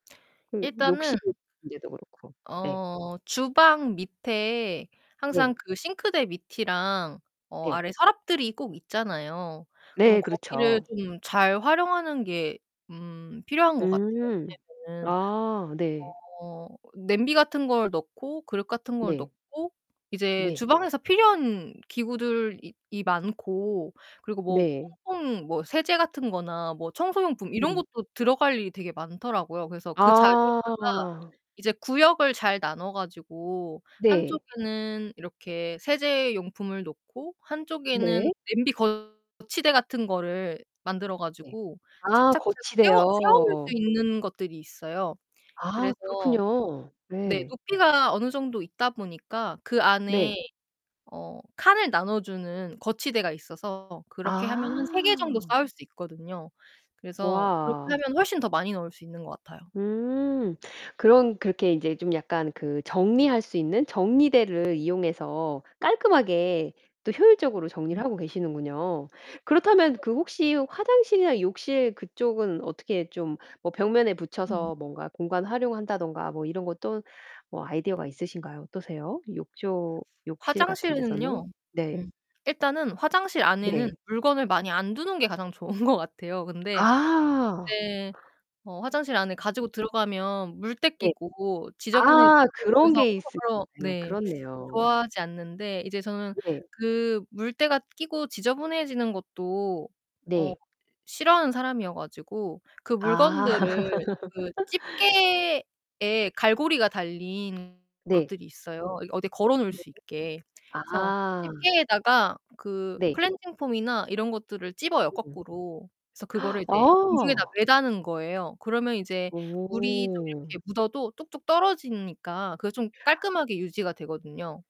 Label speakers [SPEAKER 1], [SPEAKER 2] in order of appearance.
[SPEAKER 1] 그
[SPEAKER 2] 일단은
[SPEAKER 1] 욕실 문제도 그렇고 예.
[SPEAKER 2] 어 주방 밑에
[SPEAKER 1] 네.
[SPEAKER 2] 항상 그 싱크대 밑이랑 어
[SPEAKER 1] 네.
[SPEAKER 2] 아래 서랍들이 꼭 있잖아요. 그럼
[SPEAKER 1] 네
[SPEAKER 2] 거기를
[SPEAKER 1] 그렇죠.
[SPEAKER 2] 좀 잘 활용하는 게 음 필요한 것 같아요.
[SPEAKER 1] 음.
[SPEAKER 2] 왜냐면은
[SPEAKER 1] 아. 네.
[SPEAKER 2] 어 냄비 같은 걸 넣고 그릇 같은 걸
[SPEAKER 1] 네.
[SPEAKER 2] 넣고 이제
[SPEAKER 1] 네.
[SPEAKER 2] 주방에서 필요한 기구들이 이 많고 그리고 뭐
[SPEAKER 1] 네.
[SPEAKER 2] 퐁퐁 뭐 세제 같은 거나 뭐
[SPEAKER 1] 음
[SPEAKER 2] 청소용품 이런
[SPEAKER 1] 음.
[SPEAKER 2] 것도 들어갈 일이 되게 많더라고요. 그래서 그 자리에다가
[SPEAKER 1] 아.
[SPEAKER 2] 이제 구역을 잘 나눠 가지고
[SPEAKER 1] 네.
[SPEAKER 2] 한쪽에는 이렇게 세제 용품을 놓고 한쪽에는
[SPEAKER 1] 네.
[SPEAKER 2] 냄비 거치대 같은 거를 만들어
[SPEAKER 1] 네.
[SPEAKER 2] 가지고
[SPEAKER 1] 아
[SPEAKER 2] 착착착 세워 세워 놓을 수
[SPEAKER 1] 거치대요.
[SPEAKER 2] 있는 것들이 있어요.
[SPEAKER 1] 아
[SPEAKER 2] 그래서
[SPEAKER 1] 그렇군요.
[SPEAKER 2] 네
[SPEAKER 1] 네.
[SPEAKER 2] 높이가 어느 정도 있다 보니까 그 안에
[SPEAKER 1] 네.
[SPEAKER 2] 어 칸을 나눠 주는 거치대가 있어서 그렇게 하면은 3 개 정도
[SPEAKER 1] 아.
[SPEAKER 2] 쌓을 수 있거든요. 그래서 그렇게
[SPEAKER 1] 와.
[SPEAKER 2] 하면 훨씬 더 많이 넣을 수 있는 것 같아요.
[SPEAKER 1] 음. 그럼 그렇게 인제 좀 약간 그 정리할 수 있는 정리대를 이용해서 깔끔하게 또 효율적으로 정리를
[SPEAKER 2] 음음.
[SPEAKER 1] 하고 계시는군요. 그렇다면
[SPEAKER 2] 그렇죠.
[SPEAKER 1] 그 혹시 화장실이나 욕실 그쪽은 어떻게 좀 뭐 벽면에
[SPEAKER 2] 음.
[SPEAKER 1] 붙여서 뭔가 공간 활용한다든가 뭐 이런 것 또 뭐 아이디어가 있으신가요? 어떠세요? 욕조 욕실 같은 데서는?
[SPEAKER 2] 화장실은요.
[SPEAKER 1] 네.
[SPEAKER 2] 음 일단은 화장실 안에는
[SPEAKER 1] 네.
[SPEAKER 2] 물건을 많이 안 두는 게 가장 좋은 것 같아요. 근데
[SPEAKER 1] 아.
[SPEAKER 2] 이제 어 화장실 안에 가지고
[SPEAKER 1] 으음.
[SPEAKER 2] 들어가면 물때
[SPEAKER 1] 네.
[SPEAKER 2] 끼고 지저분해지고
[SPEAKER 1] 아 그런
[SPEAKER 2] 그래서
[SPEAKER 1] 게 있으 [unintelligible]
[SPEAKER 2] [unintelligible] 네
[SPEAKER 1] 그렇네요.
[SPEAKER 2] 좋아하지 않는데 이제 저는
[SPEAKER 1] 네.
[SPEAKER 2] 그 물때가 끼고 지저분해지는 것도 어
[SPEAKER 1] 네.
[SPEAKER 2] 싫어하는 사람 이어 가지고 그
[SPEAKER 1] 아.
[SPEAKER 2] 물건들을 그 집게에 갈고리가 달린
[SPEAKER 1] 네.
[SPEAKER 2] 것들이 있어요, 이 어디 걸어 놓을
[SPEAKER 1] 네.
[SPEAKER 2] 수 있게. 그래서
[SPEAKER 1] 아.
[SPEAKER 2] 집게에다가 그
[SPEAKER 1] 네.
[SPEAKER 2] 클렌징 폼이나 이런 것들을 집어요,
[SPEAKER 1] 음음.
[SPEAKER 2] 거꾸로. 그래서 그거를 이제 공중에다
[SPEAKER 1] 어.
[SPEAKER 2] 매다는 거예요. 그러면 이제 물이 좀
[SPEAKER 1] 오.
[SPEAKER 2] 이렇게 묻어도 뚝뚝 떨어지니까 그게 좀 깔끔하게 유지가 되거든요.